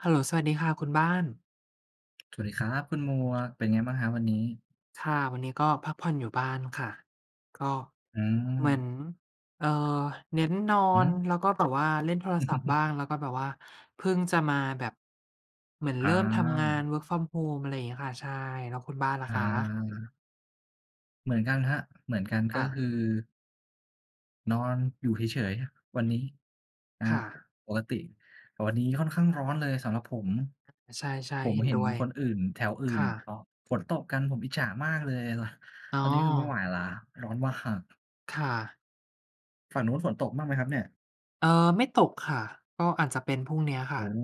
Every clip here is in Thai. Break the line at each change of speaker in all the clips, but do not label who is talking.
เฮลโลสวัสดีค่ะคุณบ้าน
สวัสดีครับคุณหมวก เป็นไงบ้างครับวันนี้?
ค่ะ วันนี้ก็พักผ่อนอยู่บ้านค่ะ ก็
อื
เหมือ
ม
น เอ่อ เน้นนอ
อือฮ
น
ึ
แล้วก็แบบว่าเล่นโทรศัพท์บ้าง แล้วก็แบบว่าเพิ่งจะมาแบบ เหมือน
อ
เริ่มทำงาน
า
work from home อะไรอย่างเงี้ยค่ะ ใช่ แล้วคุณบ้านล่ะ
อ
คะ?
า เหมือนกันครับ เหมือนกันก
ค
็
่ะ
คือ นอนอยู่เฉย ๆ ครับวัน
อึ
นี้ นะ
ค
คร
่
ับ
ะ
ปกติ แต่วันนี้ค่อนข้างร้อนเลยสำหรับผม
อ ใช่
ผ
ๆ
ม
เห็น
เห็
ด
น
้วย
คนอื่น แถวอื่
ค
น
่
เ
ะ
อาะ ฝนตกกัน ผมอิจฉามากเลย ต
อ๋
ตอนนี้คือไม่ไห
อ
วแล้ว ร้อน ว หาก
ค่ะ
ฝั่งนู้นฝนตกบ้างไหมครับเนี่ย?
เออ ไม่ตกค่ะ ก็อาจจะเป็นพรุ่งนี้อะค
โอ
่ะ
้โฮ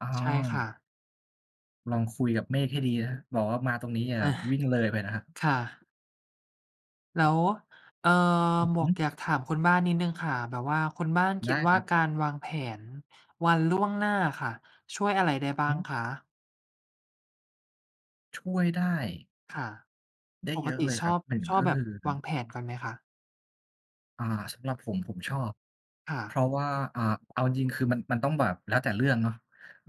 อ
ใช่ค่
า
ะ
ลองคุยกับเมฆให้ดีนะครับ บอกว่ามาตรงนี้ ย อย่า
อา
วิ่งเลยไปนะครับ
ค่ะ แล้ว เอ่อ
อือ
หม
ฮ
ว
ึ
กอยากถามคุณบ้านนิดหนึ่งค่ะ แบบว่าคนบ้านค
ได
ิด
้
ว
ค
่า
รับ
การวางแผนวันล่วงหน้าอะค่ะ ช่วยอะไรได้บ้า
ฮ
ง
ึ
คะ?
ช่วยได้
ค่ะ
ได้
ป
เย
ก
อะ
ติ
เลย
ช
ครั
อ
บ
บ
1
ชอ
ก
บ
็
แบ
ค
บ
ือ
วางแผนก่อนไหมคะ?
อ่า สำหรับผม ผมชอบ
ค่
เพ
ะ
ราะว่า อ่า เอาจริง ๆ คือมัน มันต้องแบบแล้วแต่เรื่องเนาะ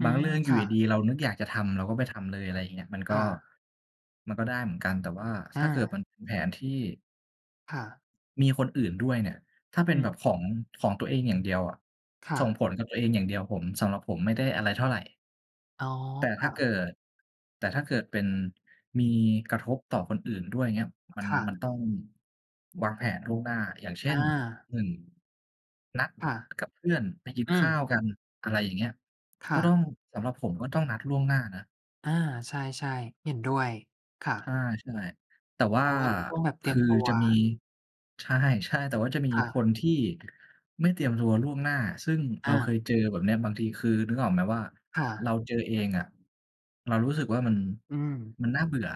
อื
บางเ
ม
รื่องอยู
ค
่
่
ดี
ะ
ๆ เรานึกอยากจะทำเราก็ไปทำเลย อะไรอย่างเงี้ย มันก็
ค่ะ
มันก็ได้เหมือนกัน แต่ว่า
อ
ถ้าเกิดมั
า
นเป็นแผนที่
ค่ะ
มีคนอื่นด้วยเนี่ย ถ้าเป็
อ
นแบ
ืม
บของ ของตัวเองอย่างเดียวอะ
ค่
ส่ง
ะ
ผลกับตัวเองอย่างเดียว ผม สำหรับผมไม่ได้อะไรเท่าไร
อ๋อ
แต่
ค
ถ้
่ะ
าเกิด แต่ถ้าเกิดเป็น มีกระทบต่อคนอื่นด้วย อย่างเงี้ย มัน
ค่
มัน
ะ
ต้องวางแผนล่วงหน้า อย่างเช่
อ
น
า
1 นัด
ค่ะ
กับเพื่อนไปกิน
อื
ข
ม
้าวกัน อะไรอย่างเงี้ย
ค
ก็
่ะ
ต้อง สำหรับผมก็ต้องนัดล่วงหน้านะ
อา ใช่ ๆ เห็นด้วย ค่ะ
ใช่ ๆ แต่ว่
เพ
า
ราะว่าก็ต้องแบบเต
ค
รีย
ื
ม
อ
ตัว
จะมี ใช่ ใช่ แต่ว่าจะมี
ค่
ค
ะ
นที่ ไม่เตรียมตัวล่วงหน้า ซึ่ง
อ
เรา
า
เคยเจอแบบเนี้ย บางทีคือ นึกออกไหมว่า
ค่
เ
ะ
ราเจอเองอะเรารู้สึกว่า มัน
อืม
มันน่าเบื่อ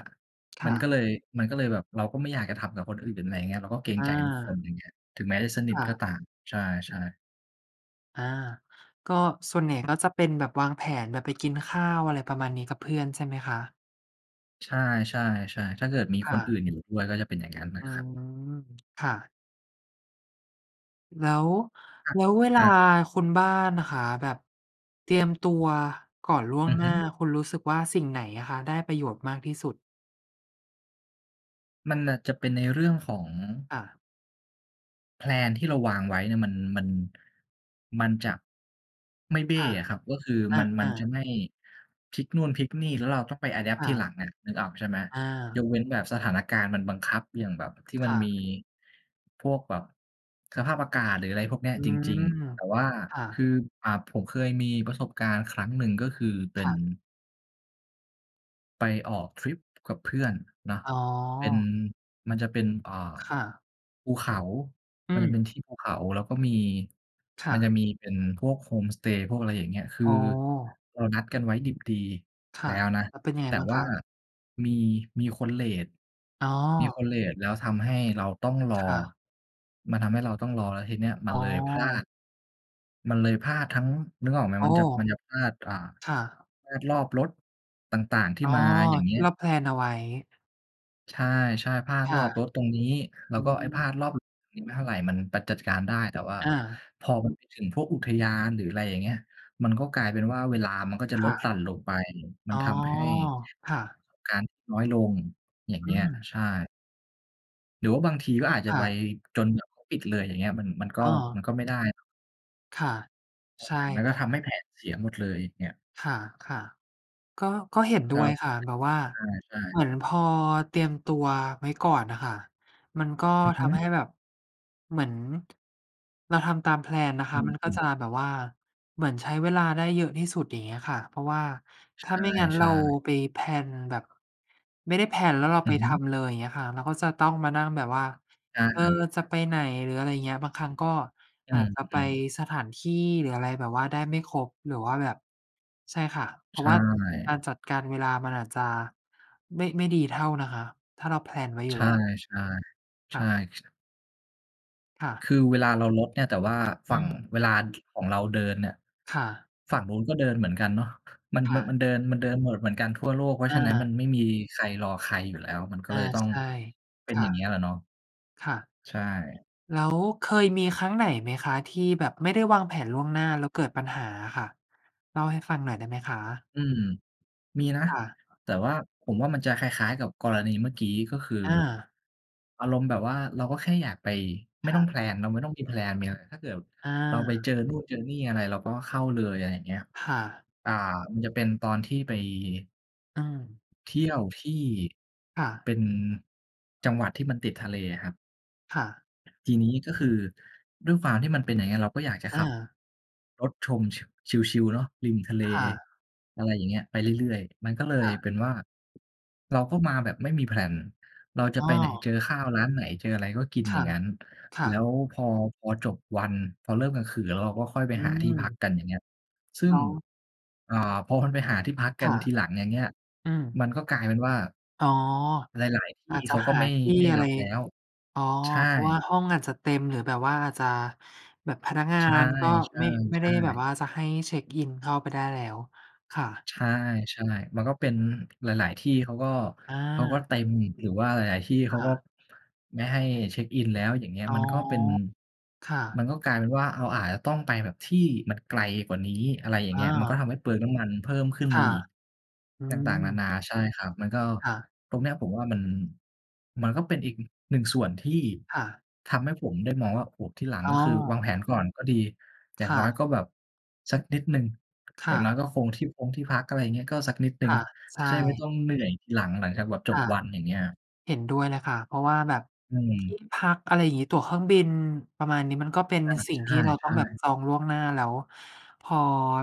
ค
ม
่
ัน
ะ
ก็เลย มันก็เลยแบบเราก็ไม่อยากจะทำกับคนอื่นถึงไหน อย่างเงี้ย เราก็เกรง
อ
ใจทุกคน
า
อย่างเงี้ย ถึงแม้จะสนิ
ค
ท
่
ก
ะ
็ตาม ใช่ ๆ
อา ก็ส่วนใหญ่ก็จะเป็นแบบวางแผน แบบไปกินข้าว อะไรประมาณนี้กับเพื่อนใช่ไหมคะ?
ใช่ ๆ ๆ ถ้าเกิดมี
ค
ค
่
นอ
ะ
ื่นอยู่ด้วยก็จะเป็นอย่างนั้นอ
อ
ะ
ื
ครับ
ม ค่ะ แล้ว
ห
แล้วเว
ค
ลา
รับ
คุณบ้านนะคะ แบบเตรียมตัวก่อนล่ว
อ
ง
ือ
หน
ฮ
้า
ึ
คุณรู้สึกว่าสิ่งไหนอะคะได้ประโยชน์มากที่สุด?
มันอาจจะเป็นในเรื่องของ
ค่ะ
แพลน ที่เราวางไว้เนี่ยมัน มัน มันจะ ไม่เบ
ค
้
่ะ
อะครับ ก็คือ
อ
มัน มัน
า
จะ
ๆ
ไม่พลิกนู่น พลิกนี่ แล้วเราต้องไป อะแดปต
ค
์
่
ที
ะ
หลังอะ นึกออกใช่ไหม?
อ
ย
า
กเว้นแบบสถานการณ์มันบังคับ อย่างแบบ ที่
ค
มัน
่
มี
ะ
พวกแบบสภาพอากาศ หรืออะไรพวกเนี้ย
อื
จริง
ม
ๆ แต่ว่า
ค่
คือ
ะ
อ่า ผมเคยมีประสบการณ์ครั้งหนึ่ง ก็คือเป
ค
็น
่ะ
ไปออกทริปกับเพื่อนเนาะ
อ๋
เป็น
อ
มันจะเป็น เอ่อ
ค่ะ
ภูเขา
อื
มันจะ
ม
เป็นที่ภูเขา แล้วก็มี
ค่
มันจะ
ะ
มีเป็นพวกโฮมสเตย์ พวกอะไรอย่างเงี้ย คือ
อ๋อ
เรานัดกันไว้ดิบดี
ค
แ
่
ล้
ะ
วนะ
แล้วเป็นยังไง
แต่
บ้าง
ว
ค
่า
ะ?
มี มีคนเลต
อ๋อ
มีคนเลต แล้วทำให้เราต้องรอ
ค่ะ
มันทำให้เราต้องรอ แล้วทีเนี้ยมั
อ๋
นเลยพลา
อ
ด มันเลยพลาดทั้ง นึกออกไหม
อ๋อ
มันจะ มันจะพลาด อ่า
ค่ะ
พลาดรอบรถต่าง ๆ ที่
อ๋อ
มา อย่างเ
ท
งี
ี
้
่เ
ย
รา แพลน เอาไว้
ใช่ ๆ พลาด
ค
ร
่
อ
ะ
บรถตรงนี้ แล้
อ
ว
ื
ก็ไอ้พลาด
ม
รอบนี้ไม่เท่าไร มันปัด จัดการได้ แต่ว่า
อา
พอมันไปถึงพวกอุทยาน หรืออะไรอย่างเงี้ย มันก็กลายเป็นว่าเวลา มันก็จะ
ค
ล
่
ด
ะ
หลั่นลงไป มั
อ
น
๋อ
ทำให้
ค่ะ
การ น้อยลง อย่าง
อ
เ
ื
งี้ย
อ
ใช่ หรือว่าบางทีก็อาจจะ
ค่
ไป
ะ
จนแบบเขาปิดเลย อย่างเงี้ย มัน มันก็
อ้
มั
อ
นก็ไม่ได้
ค่ะ ใช
แผนไป
่
ก็ทำให้แผนเสียหมดเลยเนี่ย
ค่ะ ๆ ก็ ก็เห็นด
คร
้ว
ั
ย
บ
ค่ะ แบบว่า
ใช่
เห
ๆ
มือนพอเตรียมตัวไว้ก่อนน่ะค่ะ มันก็
อือ
ท
ฮ
ำใ
ึ
ห้แบบเหมือน เราทำตามแพลนนะค
อ
ะ มันก็
ื
จ
ม ๆ
ะแบบว่าเหมือนใช้เวลาได้เยอะที่สุด อย่างเงี้ยค่ะ เพราะว่า
ใ
ถ้าไม่งั้น
ช
เรา
่ ๆ
ไป แพลน แบบ ไม่ได้ แพลน แล้วเรา
อ
ไ
ื
ป
อฮ
ท
ึ
ำเลย อย่างเงี้ยค่ะ เราก็จะต้องมานั่งแบบว่า
ได้
"เออ
ครับ
จะไปไหน?" หรืออะไรอย่างเงี้ย บางครั้งก็
อื
อาจจะไป
ม ๆ
สถานที่ หรืออะไรแบบว่าได้ไม่ครบ หรือว่าแบบ ใช่ค่ะ เพ
ใ
รา
ช
ะว่าก
่
ารจัดการเวลามันอาจจะไม่ ไม่ดีเท่านะคะ ถ้าเราแพลนไว้อย
ใ
ู
ช
่แ
่
ล้ว
ๆ ใ
ค
ช
่
่
ะ
ชะ
ค่ะ
คือเวลาเราลดเนี่ย แต่ว่า
อื
ฝั่ง
ม
เวลา ช ของเราเดินเนี่ย
ค่ะ
ฝั่งนู้นก็เดินเหมือนกันเนาะ มัน
ค่ะ
มันเดิน มันเดินโหมดเหมือนกันทั่วโลก เพราะ
อ
ฉะนั้น
า
มันไม่มีใครรอใครอยู่แล้ว มันก็
อ
เ
า
ลยต้อง
ใช่
เป
ค
็นอ
่ะ
ย่างเงี้ยแหละเนาะ
ค่ะ
ใช่
แล้วเคยมีครั้งไหนไหมคะ? ที่แบบไม่ได้วางแผนล่วงหน้าแล้วเกิดปัญหาอะค่ะ เล่าให้ฟังหน่อยได้ไหมคะ?
อืม มีนะ
ค่ะ
แต่ว่าผมว่ามันจะคล้าย ๆ กับกรณีเมื่อกี้ ก็คือ
อา
อารมณ์แบบว่าเราก็แค่อยากไป ไ
ค
ม่
่
ต
ะ
้องแพลนนะ ไม่ต้องมีแพลน มีอะไร ถ้าเกิด
อ
เราไป
า
เจอนู่นเจอนี่อะไรเราก็เข้าเลย อะไรอย่างเงี้ย
ค่ะ
อ่า มันจะเป็นตอนที่ไป
อืม
เที่ยวที่
ค่
เป
ะ
็นจังหวัดที่มันติดทะเลอะครับ
ค่ะ
ทีนี้ก็คือด้วยความที่มันเป็นอย่างเงี้ย เราก็อยากจะ
อ
ขับ
า
รถชม ช ชิล ๆ เนาะ ริมทะเล
ค่ะ
อะไรอย่างเงี้ย ไปเรื่อย ๆ มันก็เล
ค
ย
่ะ
เป็นว่า เราก็มาแบบไม่มี แพลน เราจะ
อ้
ไปไหน
อ
เจอข้าวร้านไหน เจออะไร ก็กิน
ค
อย่างงั้น
่
แ
ะ
ล้
ๆ
ว พอ พอจบวัน พอเริ่มกลางคืนแล้ว เราก็ค่อยไป
อื
หาที่พัก
ม
กัน อย่างเงี้ย ซึ่
แล
ง
้ว
อ่า พอมันไปหาที่พัก
ค
กัน
่ะ
ทีหลัง อย่างเงี้ย
อืม
มันก็กลายเป็นว่า
อ๋อ
หลาย ๆ ท
อ
ี่
าจจ
เข
ะ
าก็
หา
ไม่
ที่
ไม่
อะ
ร
ไ
ั
ร
บแล้ว
อ๋อ
ใช่
เพราะว่าห้องอาจจะเต็ม หรือแบบว่าอาจจะแบบพนักงา
ใช
น ก็ ไม่ ไม่ได
่
้แบบ
ๆ ๆ
ว่าจะให้เช็กอินเข้าไปได้แล้ว ค่ะ
ใช่ ๆ มันก็เป็นหลาย ๆ ที่ เขาก็
อ
เขาก็
า
เต็ม หรือว่าหลาย ๆ ที่เ
ค
ขา
่
ก็
ะ
ไม่ให้เช็กอินแล้ว อย่างเงี้ย
อ๋อ
มันก็เป็น
ค่
มั
ะ
นก็กลายเป็นว่า เอาอาจจะต้องไปแบบที่มันไกลกว่านี้ อะไรอย่าง
อ
เงี้ย มันก็
า
ทำให้เปลืองน้ำมันเพิ่มขึ้น
ค
มา
่ะ
อีก ต
อื
่าง ๆ น
ม
า ๆ ใช่ครับ มันก็
ค่ะ
ตรงเนี้ยผมว่า มัน มันก็เป็นอีก อ หนึ่งส่วนที่
ค่ะ
ทำให้ผมได้มองว่า โอ้โฮ ทีหลัง
อ๋
ก็คือวาง
อ
แผนก่อนก็ดี อย
ค
่าง
่
น้อย
ะ
ก็แบบสักนิดหนึ่ง
ค
อย
่
่างน้
ะ
อยก็คงที่พงที่พัก อะไรอย่างเงี้ย ก็สักนิดหนึ
ค
่ง
่ะ ใช
จะได้ไม่
่
ต้องเหนื่อยทีหลัง หลังจากแบบ
ค
จบ
่ะ
วัน อย่างเงี้ยครับ
เห็นด้วยเลยค่ะ เพราะว่าแบบ
อื
ท
ม
ี่พัก อะไรอย่างงี้ ตั๋วเครื่องบิน ประมาณนี้ มันก็เป็น
อา
สิ่
ใ
งที่เราต
ช
้อง
่
แบบ
ๆ
จองล่วงหน้า แล้วพอ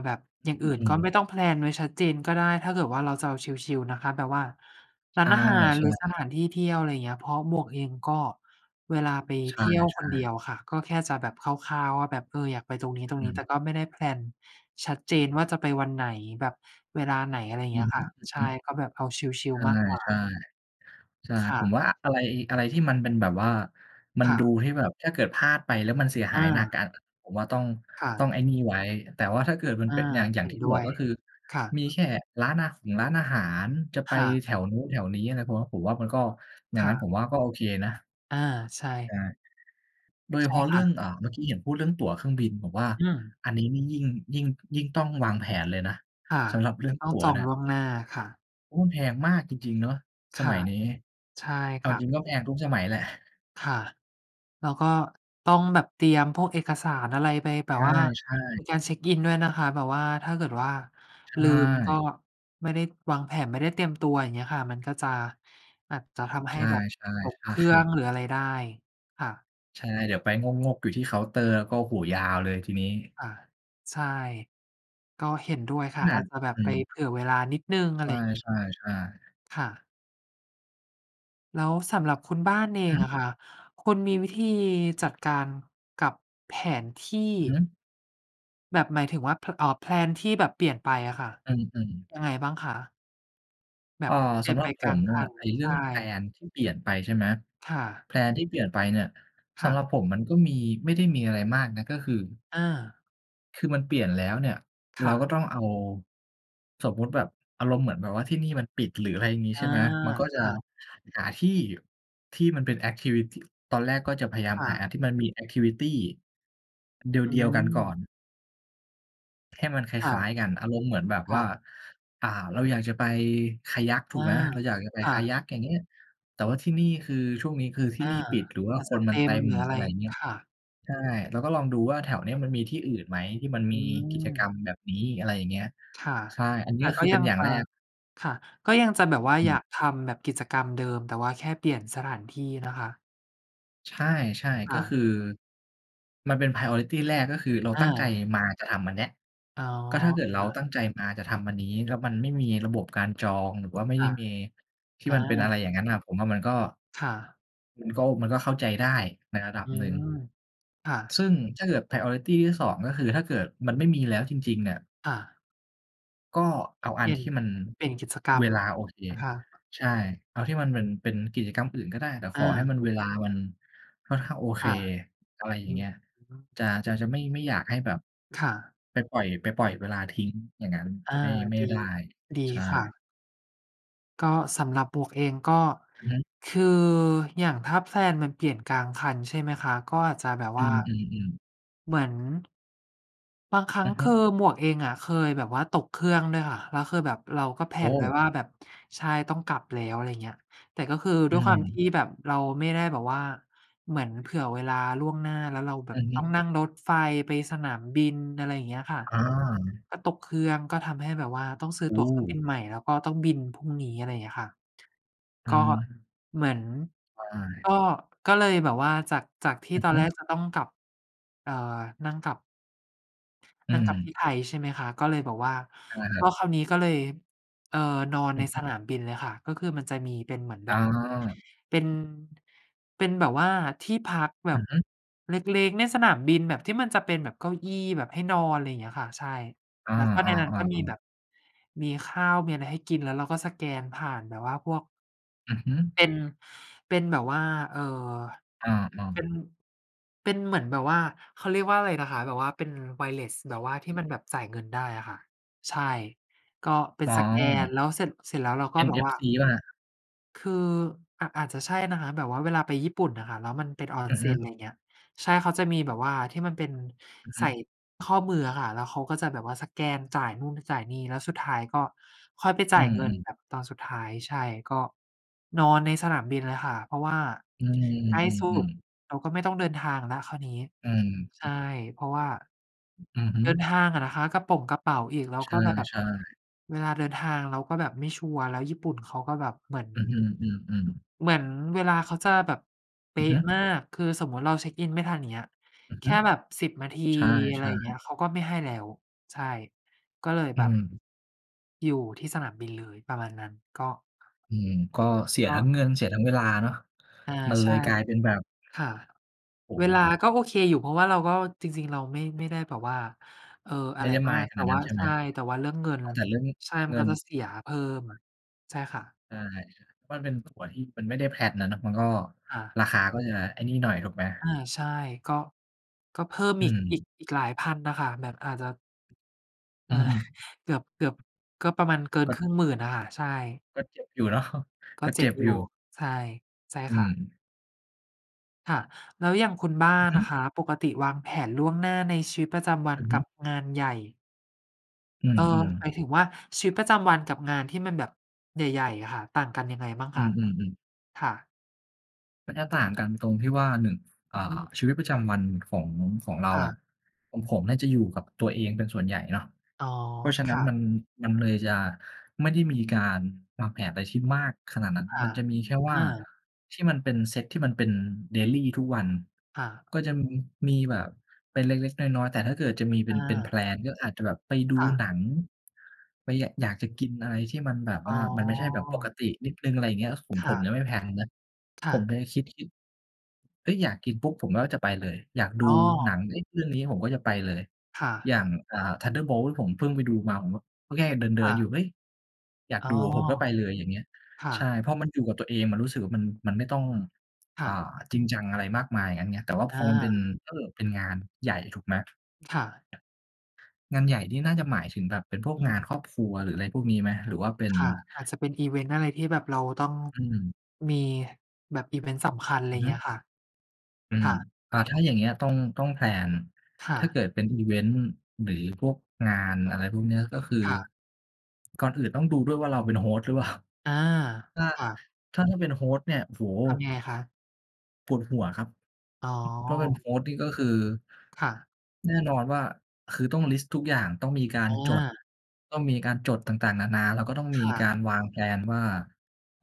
แบบอย่าง
อ
อ
ื
ื
อ
่น
อื
ก็
ม
ไม่ต้องแพลนไว้ชัดเจนก็ได้ ถ้าเกิดว่าเราจะเอาชิล ๆ นะคะ แบบว่า
ใ
ร
ช
้า
่
นอาหารหรือส
ๆ
ถานที่เที่ยว อะไรอย่างเงี้ย เพราะหมวกเองก็ เวลาไป
ใช
เท
่
ี่ยวคนเดี
ๆ
ยวค่ะ ก็แค่จะแบบคร่าว ๆ ว่าแบบ เออ อยากไปตรงนี
อ
้ ๆ
ืม
แต่ก็ไม่ได้ แพลน ชัดเจนว่า จะไปวันไหน แบบเวลาไหน อะไรอย่าง
อื
เงี้
อ
ย
ฮ
ค่ะ ใช่
ึ
ก็แบบเอาช
ๆ
ิ
ใ
ล ๆ มากกว่
ช่
า
ๆ ใช่
ค่
ผ
ะ
มว่า อะไร อะไรที่มันเป็นแบบว่ามั
ค
น
่
ดู
ะ
ที่แบบถ้าเกิดพลาดไปแล้ว มันเสียห
อ
ายหนั
า
กอ่า ผมว่า ต้อง
ค่
ต้อ
ะ
งไอ้นี่ไว้ แต่ว่าถ้าเกิดมัน
อา
เป็น อย่าง อย่
เ
า
ห
ง
็น
ที่
ด
บ
้
อ
ว
ก
ย
ก็คือ
ค่ะ
มีแค่ร้านอาหงร้านอาหาร จะไป
ค่ะ
แถวนู้นแถวนี้อะไร ผมว่า ผมว่ามันก็ อย่
ค
าง
่
นั้นผ
ะ
มว่า ก็โอเคนะ
อา ใช่
ใช่ โดยเฉ
ใช่
พาะ
ค
เรื่
่
อ
ะ
ง อ่า เมื่อกี้เห็นพูดเรื่องตั๋วเครื่องบิน ผมว่า
อืม
อันนี้นี่ ยิ่ง ยิ่ง ยิ่งต้องวางแผนเลยนะ
ค่ะ
สำหรับเรื่อง
ต้
ต
อง
ั๋ว
จอ
เน
ง
ี่ย
ล่วงหน้าค่ะ
โอ้ มันแพงมากจริง ๆ เนาะ
ค
สม
่ะ
ัยนี้
ใช่
เอ
ค
า
่
จร
ะ
ิงก็แพงทุกสมัยแหละ
ค่ะ แล้วก็ต้องแบบเตรียมพวกเอกสารอะไรไป แบ
ใ
บว่า
ช่
ใน
ๆ
การเช็กอินด้วยนะคะ แบบว่าถ้าเกิดว่า
ใช
ลืมก็
่
ไม่ได้วางแผน ไม่ได้เตรียมตัว อย่างเงี้ยค่ะ มันก็จะ อาจจะทำใ
ใ
ห
ช
้
่
แบบ
ๆ
ตก
ใช
เครื่อง
่
หรืออะไรได้ ค่ะ
ใช่ เดี๋ยวไปงก ๆ อยู่ที่เคาน์เตอร์ แล้วก็ โอ้โฮ ยาวเลยทีนี้
ค่ะ ใช่ ก็เห็นด้วยค
ข
่ะ
น
อ
าด
าจจะแบบ
อื
ไป
ม
เผื่อเวลานิดหนึ่ง อะไรอย่างงี้
ใช่ ๆ ๆ
ค่ะ แล้วสำหรับคุณบ้านเอ
อื
งอ
อ
ะค่ะ คุณมีวิธีจัดการกับแผนที่
อือฮึ
แบบหมายถึงว่า พ อ่า แพลน ที่แบบเปลี่ยนไปอะค่ะ
อือ ๆ
ยังไงบ้างคะ? แบ
อ่า
บเปล
ส
ี่ย
ำ
น
หร
ไ
ั
ป
บผ
กลา
ม
ง
น
ค
่ะ
ัน
ไอ้เร
ใ
ื่
ช
อง แพล
่
น ที่เปลี่ยนไป ใช่ไหม
ค่ะ
แพลน ที่เปลี่ยนไปเนี่ย
ค
ส
่
ำห
ะ
รับผมมันก็มี ไม่ได้มีอะไรมากนะ ก็คือ
อา
คือมันเปลี่ยนแล้วเนี่ย
ค
เร
่
าก็
ะ
ต้องเอา สมมุติแบบอารมณ์เหมือนแบบว่าที่นี่มันปิด หรืออะไรงี้
อา
ใช่ไหม มันก็จ
ค
ะ
่ะ
หาที่ ที่มันเป็น แอกทิวิตี ตอนแรกก็จะพยายาม
ค่
หา
ะ
อันที่มันมี แอกทิวิตี
อ
เดียว ๆ กันก่อ
ืม
น ให้มันค
ค่
ล
ะ
้าย ๆ กัน อารมณ์เหมือนแบบ
ค่
ว่า
ะ
อ่า เราอยากจะไป Kayak ถ
อ
ู
า
กไหม เราอยากจะไป
ค่ะ
Kayak อย่างเงี้ย แต่ว่าที่นี่คือ ช่วงนี้คือที
อ
่
า
นี่ปิด หรือว่า
อาจ
ค
จะ
น
เ
ม
ต
ัน
็
เต
ม
็ม
หรืออะไ
อะ
ร
ไรอย่างเงี้ย
ค่ะ
ใช่ เราก็ลองดูว่า แถวเนี้ยมันมีที่อื่นไหมที่มัน
อ
มีกิจ
ืม
กรรมแบบนี้ อะไรอย่างเงี้ย
ค่ะ
ใช่ อันเ
แ
น
ต
ี
่
้ย
ก
ค
็
ือเ
ย
ป
ั
็น
ง
อย่า
จ
ง
ะ
แรก
ค่ะ ก็ยังจะแบบว่า
อ
อย
ื
า
ม
กทำแบบกิจกรรมเดิม แต่ว่าแค่เปลี่ยนสถานที่นะคะ
ใช่
ค
ๆ ก็
่ะ
คือ มันเป็น priority แรก ก็คือเรา
อ
ตั้งใจ
า
มาจะทำอันเนี้ย
อ๋อ
ก็ถ้าเกิด
ค
เรา
่ะ
ตั้งใจมาจะทำอันนี้ แล้วมันไม่มีระบบการจอง หรือว่าไม่
ค
ได้
่ะ
มีที
อ
่มันเป็นอ
า
ะไรอย่างงั้นน่ะ ผมว่ามันก็
ค่ะ
มันก็ โอ มันก็เข้าใจได้ในระดั
อ
บ
ื
หนึ่ง
ม ค่ะ
ซึ่งถ้าเกิด priority ที่ 2 ก็คือถ้าเกิดมันไม่มีแล้วจริง ๆ เนี่ย
ค่ะ
ก็เอาอ
เ
ั
ปล
น
ี่ย
ท
น
ี่มัน
เปลี่ยนกิจกร
เ
ร
ว
ม
ลาโอเค
นะคะ
ใช่ เอาที่มันเหมือนเป็น- เป็นกิจกรรมอื่นก็ได้ แต่ข
อ
อให้
า
มัน เวลามันค่อนข้างโอเค
ค่ะ
อะไรอย่
อ
า
ื
งเง
ม
ี้ย
อือฮึ
จา จะ จะไม่ ไม่อยากให้แบบ
ค่ะ
ไปปล่อย ไปปล่อยเวลาทิ้งอย่างงั้น
อา
ไม่ ไม่
ดี
ได้
ดี
ใช
ค่
่
ะ ก็สำหรับบวกเอง ก็
อือฮึ
คืออย่างถ้า แพลน มันเปลี่ยนกลางคัน ใช่ไหมคะ ก็อาจจะแบบ
อื
ว่า
ม ๆ ๆ
เหมือน บางครั้
อ
ง
ือ
ค
ฮึ
ือหมวกเองอะเคยแบบว่าตกเครื่องด้วยค่ะ แล้วคือแบบเราก็ แพล
โอ
น ไว้
้
ว่าแบบ ใช่ ต้องกลับแล้ว อะไรอย่างเงี้ย แต่ก็คือด
อ
้
ื
วยความท
ม
ี่แบบเราไม่ได้แบบว่าเหมือนเผื่อเวลาล่วงหน้า แล้วเราแบ
อ
บ
ือฮ
ต้อง
ึ
นั่งรถไฟไปสนามบิน อะไรอย่างเงี้ยค่ะ
อา
ก็ตกเครื่อง ก็ทำให้แบบว่าต้องซื้อ
โอ
ตั๋วเครื่องบิ
้
นใหม่ แล้วก็ต้องบินพรุ่งนี้ อะไรอย่างเงี้ยค่ะ
อ
ก
ื
็
ม
เหมือน
ใช
ก
่
็ ก็เลยแบบว่าจาก จากที่
อือ
ตอ
ฮ
น
ึ
แรกจะต้องกลับ อ่า นั่งกลับ
อื
นั่งกลับที่
ม
ไทย ใช่ไหมคะ ก็เลยบอกว่า
ใช่ครั
ก็
บ
คราวนี้ก็เลย เอ่อ นอน
อื
ใน
อฮ
ส
ึ
นามบินเลยค่ะ ก็คือมันจะมีเป็นเหมือนแบ
อ
บ
า
เป็น เป็นแบบว่าที่พักแบ
อื
บ
อฮึ
เล็ก ๆ ในสนามบิน แบบที่มันจะเป็นแบบเก้าอี้แบบให้นอน อะไรอย่างเงี้ยค่ะ ใช่
อา
แล้วก็ในนั้นก็มี
ๆ ๆ
แบ
ๆ
บมีข้าว มีอะไรให้กิน แล้วเราก็สแกนผ่านแบบว่าพวก
อือฮึ
เป็น เป็นแบบว่า เอ่อ
อา
เป็น
ๆ
เป็นเหมือนแบบ ว่าเขาเรียกว่าอะไรนะคะ แบบว่าเป็น wireless แบบว่าที่มันแบบจ่ายเงินได้อะค่ะ ใช่ ก็เป็
ก
นสแกน
า
แล้วเสร็จ เสร็จแล้วเราก็แบบว่า
NFC เปล่าครับ?
คือ อ อาจจะใช่นะคะ แบบว่าเวลาไปญี่ปุ่นอะค่ะ แล้วมันเป็นออ
อ
น
ือ
เซ
ฮ
็
ึ
น ไรเงี้ย ใช่ เขาจะมีแบบว่าที่มันเป็น
อือฮ
ใ
ึ
ส่ข้อมืออะค่ะ แล้วเขาก็จะแบบว่าสแกนจ่ายนู่น จ่ายนี่ แล้วสุดท้ายก็ค่อยไปจ
อ
่
ื
ายเงิน
ม ๆ
แบบตอนสุดท้าย ใช่ ก็ นอนในสนามบินเลยค่ะ เพราะว่า
อื
ใกล้สุด
อ ๆ ๆ ๆ
เราก็ไม่ต้องเดินทาง แล้วคราวนี้
อือ
ใช
ฮึ
่ เพราะว่า
อือฮึ
เดินทางอะนะคะ กระป่งกระเป๋าอีก แล้ว
ใ
ก็แบบ
ช่ ๆ
เวลาเดินทางเราก็แบบไม่ชัวร์ แล้วญี่ปุ่นเขาก็แบบเหมือน
อือฮึ อือ ๆ
เหมือนเวลาเค้าจะแบบ เป
อื
๊
อฮ
ะ
ึ
มาก คือสมมติเราเช็กอินไม่ทัน อย่างเงี้ย
อือ
แค
ฮึ
่แบบ 10 นาที
ใช
อะไรอ
่
ย่างเง
ๆ
ี้ย เขาก็ไม่ให้แล้ว ใช่ ก็เลย
อื
แบบ
ม
อยู่ที่สนามบินเลย ประมาณนั้น ก็
อืม ก็เสีย
ก็
ทั้งเงินเสียทั้งเวลาเนาะ
อา
มันเ
ใ
ล
ช่
ยกลายเป็นแบบ
ค่ะ
โอ้
เว
โฮ
ลาก็โอเคอยู่ เพราะว่าเราก็ จริง ๆ เราไม่ ไม่ได้แบบว่า เอ่อ อ
ไ
ะ
ม่
ไร
ได้
มาก
mind ข
แต
น
่
าดน
ว
ั
่
้
า
น ใช่
ใ
ไ
ช
หม
่ แต่ว่าเรื่องเงิ
เ
น
อาแต่เรื่อง
ใช่ ม
เ
ั
ง
น
ิ
ก็
น
จะเสี
ถู
ยเพิ่ม
กไหม?
ใช่ค่ะ
ใช่ ๆ มันเป็นตั๋วที่มันไม่ได้ แพลน อะเนาะ มันก็
ค่ะ
ราคาก็จะไอ้นี่หน่อย ถูกไหม?
อา ใช่ ก็ ก็เพิ่ม
อื
อีก อ
ม
ีก อีกหลาย 1000 น่ะค่ะ แบบอาจจะ
อืม
เกือบ เกือบก็ประมาณเกิน
ก
ค
็
รึ่ง 10,000 อะค่ะ ใช่
ก็เจ็บอยู่เนาะ
ก
ก
็
็
เจ
เ
็
จ็
บ
บ
อย
อ
ู
ยู่
่ ใช่ ใช่
อื
ค่ะ
ม
ค่ะ แล้วอย่างคุณบ้า
อือ
น
ฮึ
อะคะ ปกติวางแผนล่วงหน้าในชีวิตประจำวั
อ
น
ือฮ
ก
ึ
ับงานใหญ่
อื
เอ่อ
ม
หม
ๆ
ายถึงว่า ชีวิตประจำวันกับงานที่มันแบบใหญ่ ๆ อะค่ะ ต่างกันยังไงบ้าง
อื
คะ?
ม ๆ ๆ
ค่ะ
มันจะต่างกันตรงที่ว่า 1 อ่
อื
า
ม
ชีวิตประจำวัน ของ ของเรา
ค่
อะ
ะ
ของผมน่าจะอยู่กับตัวเองเป็นส่วนใหญ่เนาะ
อ๋อ
เพราะฉะ
ค
นั้น
่ะ
มัน มันเลยจะไม่ได้มีการวางแผนอะไรที่มากขนาดนั้น
ค่
มั
ะ
นจะมีแค่ว
อ
่า
า
ที่มันเป็นเซตที่มันเป็น daily ทุกวัน
ค่ะ
ก็จะมีแบบเป็นเล็ก ๆ น้อย ๆ แต่ถ้าเกิดจะมี เป็
อ
น เป็น แพล
า
น ก็อาจจะแบบไปดู
ค่ะ
หนัง ไป ย อยากจะกินอะไรที่มันแบบ
อ
ว
๋
่า
อ
มันไม่ใช่แบบปกตินิดหนึ่ง อะไรอย่างเงี้ย ผม
ค
ผ
่
มย
ะ
ังไม่ แพลน นะ
ค่
ผม
ะ
จะ คิด คิด เฮ้ย อยากกินปุ๊บ ผมก็จะไปเลย อยากดู
อ๋
หนั
อ
ง เฮ้ย เรื่องนี้ผมก็จะไปเลย
ค่
อ
ะ
ย่าง อ่า Thunderbolts ผมเพิ่งไปดูมา ผมก็แค่เด
ค
ิ
่
น ๆ
ะ
อยู่ เฮ้ย อยาก
อ๋อ
ดูอะ ผมก็ไปเลย อย่างเงี้ย
ค่
ใช่
ะ
พอมันอยู่กับตัวเอง มันรู้สึกว่า มัน มันไม่ต้อง
ค
อ
่
่า
ะ
จริงจังอะไรมากมาย อย่างงั้นไง แต่ว่าพ
อ
อมันเป็น
า
เอ่อ เป็นงานใหญ่ ถูกไหม?
ค่ะ
งานใหญ่นี่น่าจะหมายถึงแบบเป็นพว
อื
กงา
ม
นครอบครัว หรืออะไรพวกนี้ไหม? หรือว่าเป็น
ค่ะ อาจจะเป็นอิเวนต์อะไรที่แบบเราต้อง
อืม
มีแบบอิเวนต์สำคัญ อะไ
อ
ร
ื
อ
อ
ย่า
ฮ
งเงี
ึ
้ยค่ะ
อื
ค
ม
่ะ
อ่า ถ้าอย่างเงี้ย ต้อง ต้อง แพลน
ค่
ถ้าเก
ะ
ิดเป็นอิเวนต์ หรือพวกงานอะไรพวกนี้ ก็คือ
ค่ะ
ก่อนอื่นต้องดูด้วยว่า เราเป็น host หรือเปล่า?
อา
ถ้า
ค่ะ
ถ้า ถ้าเป็น host เนี่ย โอ้โฮ!
ทำยังไงคะ?
ปวดหัวครับ
อ๋
เพราะเป็น
อ
host นี่ก็คือ
ค่ะ
แน่นอนว่าคือต้องลิสต์ทุกอย่างต้องมีกา
อ
รจด
า
ต้องมีการจดต่าง ๆ นานา แล้วก็ต้อง
ค
มี
่
ก
ะ
ารวาง แพลน ว่า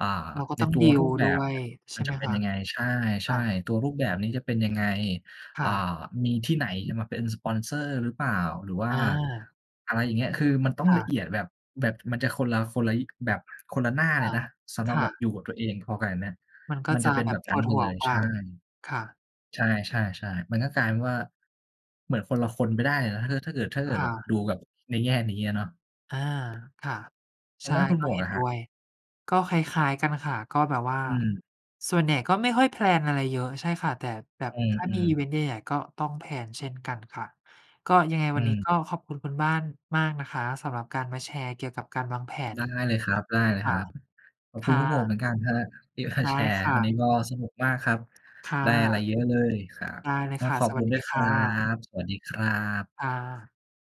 อ่า
เราก็
ใน
ต้อง
ตัว
ดี
ร
ล
ูปแบ
ด้
บ
ว
เน
ย
ี่ย
ใ
ม
ช
ัน
่ไ
จ
ห
ะ
ม
เป็
ค
น
ะ?
ยังไง ใ
ค
ช
่
่
ะ
ๆ ตัวรูปแบบนี้จะเป็นยังไง
ค
อ่
่
า
ะ
มีที่ไหนจะมาเป็นสปอนเซอร์หรือเปล่า หรือว่า
อา
อะไรอย่างเงี้ย คือมันต้อ
ค
ง
่
ละ
ะ
เอียด แบบ แบบมันจะ คนละ คนละแบบ คนละหน้า
ค
เล
่
ย
ะ
นะ สำหร
ค
ับ
่
แบบ
ะ
อยู่กับตัวเองพอกับอันเนี้ย
มันก็
มัน
จ
จ
ะ
ะเป็น
แบ
แบ
บ
บน
ป
ั้น
วด
ไป
หั
เล
ว
ย
กว
ใช
่า
่
ค่ะ
ๆ ๆ ๆ มันก็กลายเป็นว่า เหมือนคนละคนไปได้เลยนะ ถ้าเกิด ถ้าเกิด ถ้าเกิ
ค
ด
่
แบบ
ะ
ดูแบบในแง่นี้อะเนาะ
อา ค่ะ
ท
ใช
าง
่
ด้านคุณ
ก
ห
็
มว
เ
ก
ห็
ล่
น
ะค
ด
รั
้
บ?
วย ก็คล้าย ๆ กันค่ะ ก็แบบว่า
อืม
ส่วนใหญ่ก็ไม่ค่อย แพลน อะไรเยอะ ใช่ค่ะ แต่แบบ
อื
ถ้ามีอิ
ม ๆ
เวนต์ใหญ่ ๆ ก็ต้อง แพลน เช่นกันค่ะ ก็ยังไง
อ
ว
ื
ันนี้
ม
ก็ขอบคุณคุณบ้านมากนะคะ สำหรับการมาแชร์เกี่ยวกับการวางแผ
ไ
น
ด้เลยครับ
ค่ะ
ๆ ขอบ
ค
คุณ
่
คุณหมวก
ะ
เหมือนกันครับ ที่มา
ได
แช
้
ร์
ค่
วันนี้
ะ
ก็สนุกมากครับ
ค่
ได้อะไร
ะ
เยอะเลยครับ
ได้เล
ก
ย
็
ค่ะ
ขอบ
ส
ค
ว
ุ
ัส
ณด
ด
้ว
ี
ย ค
ค
ร
่
ั
ะ
บ สวัสดีครับ
ค่ะ